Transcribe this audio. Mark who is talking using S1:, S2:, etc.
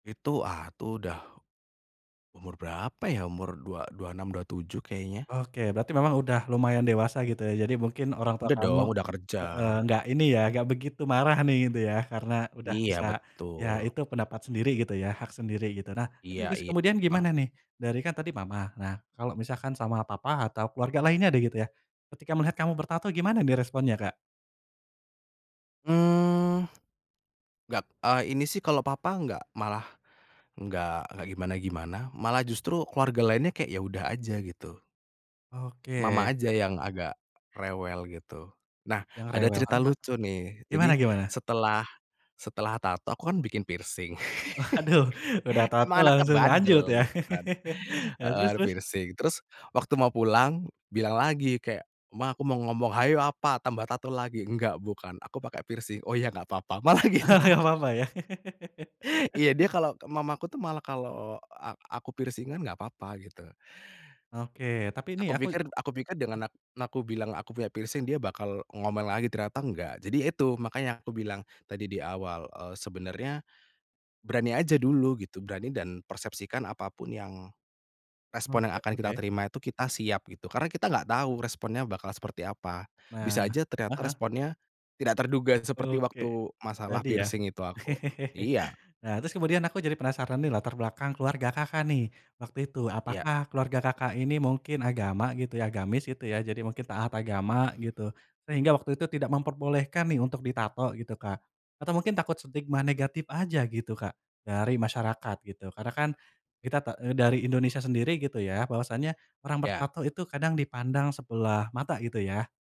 S1: Itu atuh, udah umur berapa ya umur dua dua enam, 27 kayaknya.
S2: Oke berarti memang udah lumayan dewasa gitu ya, jadi mungkin orang tua
S1: Udah
S2: kamu
S1: dong, udah kerja.
S2: heeh, enggak ini ya enggak begitu marah nih gitu ya karena udah
S1: Iya
S2: bisa, ya
S1: betul.
S2: itu pendapat sendiri gitu ya, hak sendiri gitu. Nah itu
S1: Iya
S2: terus
S1: iya.
S2: kemudian gimana nih, dari kan tadi mama, nah kalo misalkan sama papa atau keluarga lainnya deh gitu ya, ketika melihat kamu bertato gimana nih responnya Kak?
S1: Mmm, gat eee, ini sih kalau papa gak malah gak gak gimana-gimana, malah justru keluarga lainnya kayak ya udah aja gitu. Mama
S2: Oke.
S1: aja yang agak, rewel gitu, nah
S2: Yang
S1: ada
S2: rewel
S1: cerita
S2: heeh heeh,
S1: lucu nih
S2: gimana
S1: jadi
S2: gimana?
S1: setelah, setelah tato aku kan bikin piercing,
S2: Aduh udah tato
S1: emang anaknya
S2: langsung lanjut
S1: bandel
S2: ya,
S1: gitu kan,
S2: heeh,
S1: heeh,
S2: terus terus?
S1: piercing terus waktu mau pulang bilang lagi kayak, "Ma aku mau ngomong," "hayo apa tambah tato lagi," "nggak bukan aku pakai piercing," "oh ya nggak apa-apa" malah gitu.
S2: Nggak apa-apa ya.
S1: Iya dia kalau mamaku tuh malah kalau a aku piercing-an nggak apa-apa gitu.
S2: Oke, tapi nih
S1: Aku
S2: aku
S1: pikir aku pikir
S2: E
S1: dengan na aku bilang aku punya piercing dia bakal ngomel lagi, ternyata nggak. Jadi itu makanya aku bilang tadi di awal, eee, sebenarnya, berani aja dulu gitu, berani dan persepsikan apa pun yang respon yang
S2: Oke
S1: akan kita
S2: oke.
S1: terima itu kita siap gitu, karena kita gak tahu responnya bakal seperti apa,
S2: Nah,
S1: bisa aja
S2: heeh
S1: ternyata
S2: heeh.
S1: responnya, tidak terduga seperti
S2: Oke,
S1: waktu masalah
S2: tadi ya,
S1: piercing itu aku. Iya.
S2: nah terus kemudian aku jadi penasaran nih latar belakang keluarga Kakak nih waktu itu,
S1: Iya.
S2: apakah keluarga Kakak, ini mungkin agama gitu ya, agamis gitu ya, jadi mungkin taat agama gitu, sehingga waktu itu tidak memperbolehkan nih untuk ditato gitu Kak, atau mungkin takut stigma negatif aja gitu Kak, dari masyarakat gitu? Karena kan, kita ta eee, dari Indonesia sendiri gitu ya, bahwasanya orang
S1: Iya.
S2: bertato itu kadang dipandang sebelah mata gitu ya.